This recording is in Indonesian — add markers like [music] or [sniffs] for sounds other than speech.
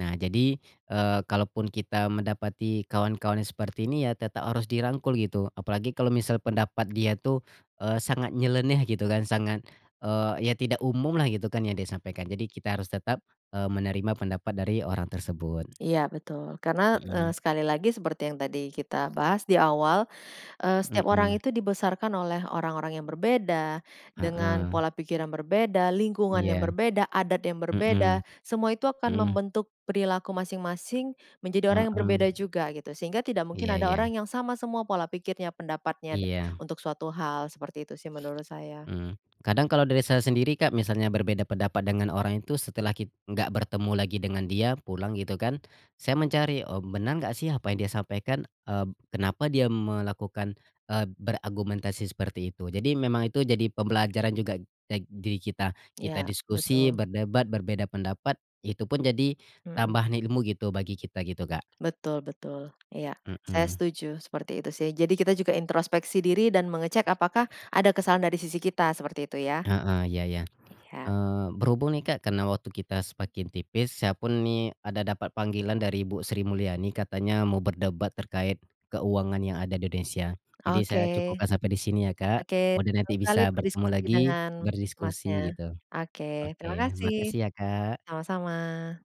Nah jadi, eee, kalaupun kita mendapati kawan-kawan yang seperti ini ya, tetap harus dirangkul gitu. Apalagi kalau misal pendapat dia tuh, eee, sangat nyeleneh gitu kan, sangat, eee, iya tidak umumlah gitu kan yang dia sampaikan. Jadi kita harus tetap, eee, menerima pendapat dari orang tersebut. Iya betul karena, eee, Mhm. sekali lagi seperti yang tadi kita bahas di awal, eee, setiap orang Mhm. itu dibesarkan oleh orang-orang yang berbeda, dengan Heeh. pola pikir yang berbeda, lingkungan yang Iya. berbeda, adat yang Mhm. berbeda. Semua itu akan Mhm. membentuk perilaku masing-masing menjadi orang yang Heeh. berbeda juga gitu sehingga tidak mungkin Iya ada iya. orang yang sama semua pola pikirnya, pendapatnya da Iya. untuk suatu hal, seperti itu sih menurut [sniffs] saya. Mmm. Kadang kalau dari saya sendiri, Kak, misalnya berbeda pendapat dengan orang itu setelah kit enggak bertemu lagi dengan dia, pulang gitu kan. Saya mencari, "Oh, benar enggak sih apa yang dia sampaikan?" eb "kenapa dia melakukan," eee, "beragumentasi seperti itu." Jadi memang itu jadi pembelajaran juga teg diri kita kita Iya, diskusi, betul. berdebat, berbeda pendapat itu pun jadi Mhm. tambahan ilmu gitu, bagi kita gitu, Kak. Betul betul. Iya, saya Mhm. setuju seperti itu sih. Jadi kita juga introspeksi diri dan mengecek apakah ada kesalahan dari sisi kita seperti itu ya? Heeh, iya iya. Iya. Eee, berhubung nih, Kak, karena waktu kita semakin tipis, saya pun nih ada dapat panggilan dari Ibu Sri Mulyani katanya mau berdebat terkait keuangan yang ada di Indonesia. Jadi Oke, saya cukupkan sampai di sini ya, Kak. oke Mudahan nanti senang sekali bisa bertemu berdiskusi lagi, dengan Masnya. berdiskusi gitu. Oke, terima Oke, kasih. makasih ya, Kak. Sama-sama.